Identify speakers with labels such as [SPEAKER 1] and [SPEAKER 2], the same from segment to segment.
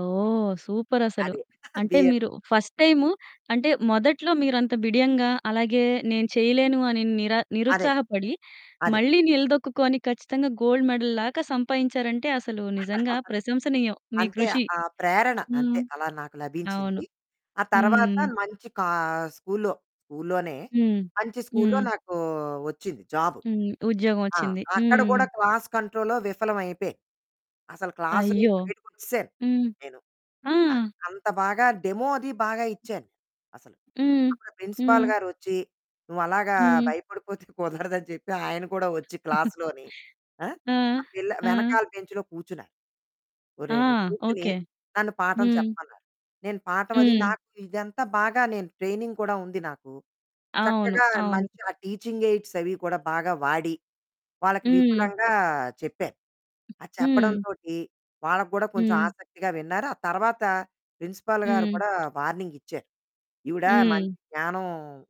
[SPEAKER 1] ఓహ్! సూపరసలు.
[SPEAKER 2] అదే.
[SPEAKER 1] అంటే మీరు
[SPEAKER 2] బీఎడ్.
[SPEAKER 1] ఫస్ట్ టైము అంటే, మొదట్లో మీరు అంత బిడియంగా, అలాగే నేను చేయలేను అని నిరా
[SPEAKER 2] అదే,
[SPEAKER 1] నిరుత్సాహపడి,
[SPEAKER 2] అదే.
[SPEAKER 1] మళ్ళీ నిలదొక్కుకొని ఖచ్చితంగా గోల్డ్ మెడల్ లాగా సంపాదించారంటే, అసలు నిజంగా ప్రశంసనీయం. మీ
[SPEAKER 2] అంతే.
[SPEAKER 1] కృషి.
[SPEAKER 2] ఆ ప్రేరణ అంతే
[SPEAKER 1] హ్మ్.
[SPEAKER 2] అలా నాకు
[SPEAKER 1] అవును.
[SPEAKER 2] లభించింది. ఆ తరువాత
[SPEAKER 1] హ్మ్.
[SPEAKER 2] మంచి కా స్కూల్లో స్కూల్లోనే
[SPEAKER 1] హ్మ్.
[SPEAKER 2] మంచి స్కూల్లో
[SPEAKER 1] హ్మ్.
[SPEAKER 2] నాకు వచ్చింది జాబు.
[SPEAKER 1] హ్మ్. ఉద్యోగం
[SPEAKER 2] ఆ!
[SPEAKER 1] వచ్చింది.
[SPEAKER 2] అక్కడ
[SPEAKER 1] హ్మ్.
[SPEAKER 2] గూడా క్లాస్ కంట్రోల్‌లో విఫలం అయిపేయాను. అసలు
[SPEAKER 1] అయ్యో!
[SPEAKER 2] క్లాసునుంచి బయటికొచ్చేసాను
[SPEAKER 1] హ్మ్.
[SPEAKER 2] నేను.
[SPEAKER 1] ఆ!
[SPEAKER 2] అది. అంత బాగా డెమో అది బాగా ఇచ్చాను అసలు.
[SPEAKER 1] హ్మ్.
[SPEAKER 2] అప్పుడా ప్రిన్సిపల్
[SPEAKER 1] హ్మ్.
[SPEAKER 2] గారొచ్చి, "నువ్వు అలాగా
[SPEAKER 1] హ్మ్.
[SPEAKER 2] భయపడిపోతే కుదరదు" అని చెప్పి ఆయన కూడా వచ్చి క్లాస్‌ లోని, ఆ!
[SPEAKER 1] ఆ!
[SPEAKER 2] ఆ పిల్ల
[SPEAKER 1] ఆ!
[SPEAKER 2] వెనకాల బెంచ్‌లో కూర్చున్నారు.
[SPEAKER 1] ఆ!
[SPEAKER 2] ఒరేయ్ కూర్చొని,
[SPEAKER 1] ఓకే.
[SPEAKER 2] నన్ను పాఠం
[SPEAKER 1] హ్మ్.
[SPEAKER 2] చెప్పమన్నారు. నేను పాఠం అది
[SPEAKER 1] హ్మ్.
[SPEAKER 2] నాకు ఇదంతా బాగా నేను ట్రైనింగ్ కూడా ఉంది నాకు,
[SPEAKER 1] అవును.
[SPEAKER 2] చక్కగా
[SPEAKER 1] అవును.
[SPEAKER 2] మంచి ఆ టీచింగ్ ఎయిడ్సవి కూడా, బాగా వాడి. వాళ్ళకి
[SPEAKER 1] హ్మ్.
[SPEAKER 2] విపులంగా చెప్పాను. అది
[SPEAKER 1] హ్మ్.
[SPEAKER 2] చెప్పడంతోటి వాళ్ళకి కూడా కొంచెం
[SPEAKER 1] హ్మ్.
[SPEAKER 2] ఆసక్తిగా విన్నారు. ఆ తర్వాత, ప్రిన్సిపల్ గారు
[SPEAKER 1] హ్మ్.
[SPEAKER 2] కూడా వార్నింగిచ్చారు, "ఈవిడ
[SPEAKER 1] హ్మ్.
[SPEAKER 2] మంచి జ్ఞానం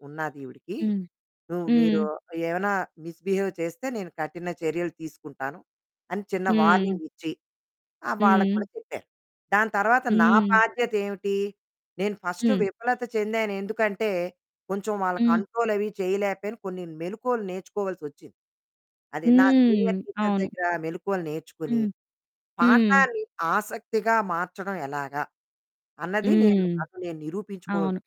[SPEAKER 2] ఉన్నాదీవిడకి,
[SPEAKER 1] హ్మ్.
[SPEAKER 2] నువ్వు మీరు
[SPEAKER 1] హ్మ్.
[SPEAKER 2] ఏమైనా మిస్ బిహేవ్ చేస్తే నేను కఠిన చర్యలు తీసుకుంటాను." అని చిన్న
[SPEAKER 1] హ్మ్.
[SPEAKER 2] వార్నింగిచ్చి, ఆహ్, వాళ్ళకి
[SPEAKER 1] హ్మ్.
[SPEAKER 2] కూడా చెప్పారు. దాని తర్వాత నా
[SPEAKER 1] హ్మ్.
[SPEAKER 2] బాధ్యత ఏమిటి, నేను ఫస్టు
[SPEAKER 1] హ్మ్.
[SPEAKER 2] విఫలత చెందాను. ఎందుకంటే, కొంచెం వాళ్ళ
[SPEAKER 1] హ్మ్.
[SPEAKER 2] కంట్రోలవి చేయలేకపోయాను. కొన్ని మెళకువలు నేర్చుకోవాల్సొచ్చింది. అది నా
[SPEAKER 1] హ్మ్.
[SPEAKER 2] సీనియర్ టీచర్
[SPEAKER 1] అవును.
[SPEAKER 2] దగ్గర మెళకువలు నేర్చుకొని,
[SPEAKER 1] హ్మ్. హ్మ్.
[SPEAKER 2] పాఠాన్ని ఆసక్తిగా మార్చడం ఎలాగా, అన్నది నేను
[SPEAKER 1] హ్మ్.
[SPEAKER 2] నాకు నేను నిరూపించుకోవాలసొచ్చింది.
[SPEAKER 1] అవును.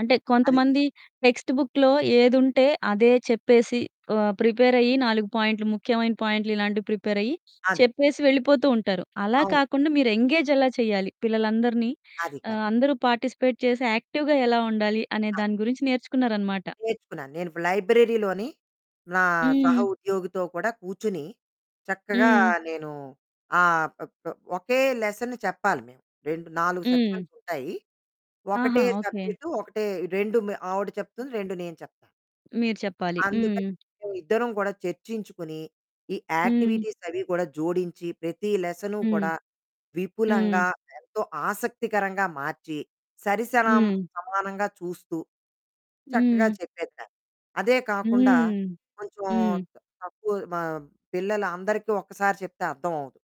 [SPEAKER 1] అంటే
[SPEAKER 2] అది.
[SPEAKER 1] కొంతమంది టెక్స్ట్ బుక్‌లో ఏదుంటే, అదే చెప్పేసి ఆహ్, ప్రిపేరయ్యి, 4 పాయింట్లు, ముఖ్యమైన పాయింట్లు ఇలాంటివి ప్రిపేరయ్యి,
[SPEAKER 2] అది.
[SPEAKER 1] చెప్పేసి వెళ్ళిపోతూ ఉంటారు. అలా
[SPEAKER 2] అవును.
[SPEAKER 1] కాకుండా, మీరు ఎంగేజ్ ఎలా చేయాలి, పిల్లలందరినీ
[SPEAKER 2] అది. కరెక్ట్.
[SPEAKER 1] ఆహ్, అందరూ పార్టిసిపేట్ చేసి యాక్టివ్‌గా ఎలా ఉండాలి, అనే
[SPEAKER 2] అది.
[SPEAKER 1] దాని గురించి నేర్చుకున్నారనమాట.
[SPEAKER 2] నేర్చుకున్నాను. నేను లైబ్రరీలోని నా సహ
[SPEAKER 1] హ్మ్.
[SPEAKER 2] ఉద్యోగితో కూడా కూర్చొని, చక్కగా
[SPEAKER 1] హ్మ్.
[SPEAKER 2] నేను ఆహ్, అప్ అప్ ఒకే, లెసన్ చెప్పాలి మేము. 2, 4
[SPEAKER 1] హ్మ్.
[SPEAKER 2] సెక్షన్స్ ఉంటాయి.
[SPEAKER 1] ఆహా!
[SPEAKER 2] ఒకటే
[SPEAKER 1] ఓకే.
[SPEAKER 2] సబ్జెక్టు, ఒకటే 2 మ ఆవిడ చెప్తుంది. 2 నేను చెప్తాను.
[SPEAKER 1] మీరు చెప్పాలి.
[SPEAKER 2] అందుకని
[SPEAKER 1] హ్మ్.
[SPEAKER 2] మేము ఇద్దరం కూడా చర్చించుకుని, ఈ
[SPEAKER 1] హ్మ్.
[SPEAKER 2] యాక్టివిటీసవి కూడా జోడించి, ప్రతి లెసను
[SPEAKER 1] హ్మ్.
[SPEAKER 2] కూడా
[SPEAKER 1] హ్మ్.
[SPEAKER 2] విపులంగా, ఎంతో ఆసక్తికరంగా మార్చి, సరి సనం
[SPEAKER 1] హ్మ్.
[SPEAKER 2] సమానంగా చూస్తూ, చక్కగా
[SPEAKER 1] హ్మ్.
[SPEAKER 2] చెప్పేదాన్ని. అదే కాకుండా,
[SPEAKER 1] హ్మ్.
[SPEAKER 2] కొంచెం
[SPEAKER 1] హ్మ్.
[SPEAKER 2] త తక్కువ మ పిల్లలందరికి ఒక్కసారి చెప్తే అర్థమవ్వదు.